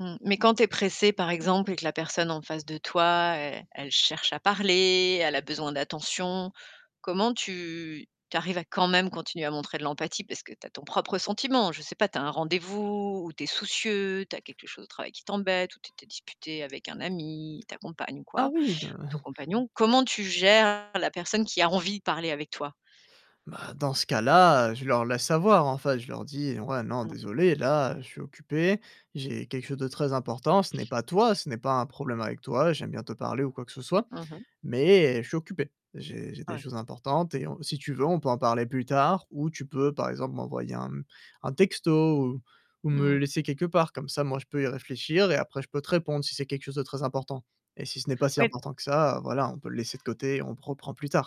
Mmh, mais quand tu es pressé par exemple, et que la personne en face de toi est elle cherche à parler, elle a besoin d'attention. Comment tu tu arrives à quand même continuer à montrer de l'empathie? Parce que, tu as ton propre sentiment, je sais pas, tu as un rendez-vous ou tu es soucieux. Tu as quelque chose au travail qui t'embête ou tu t'es disputé avec un ami, ta compagne ou Ah quoi, oui, de ton compagnon. Comment tu gères la personne qui a envie de parler avec toi? Bah, dans ce cas là, heu, je leur laisse savoir, enfin je leur dis: «Ouais. Non Mmh. désolé, là, je suis occupé, j'ai quelque chose de très important. Ce n'est pas toi ce n'est pas un problème avec toi, j'aime bien te parler ou quoi que ce soit Mmh mh. mais, je suis occupé. J'ai j'ai des Ouais. choses importantes et on si tu veux on peut en parler plus tard, ou tu peux par exemple, m'envoyer un m un texto ou ou me le Mmh. laisser quelque part. Comme ça, moi je peux y réfléchir et après je peux te répondre, si c'est quelque chose de très important. Et si ce n'est pas si Oui important que ça, voilà, on peut le laisser de côté, on prend prend plus tard».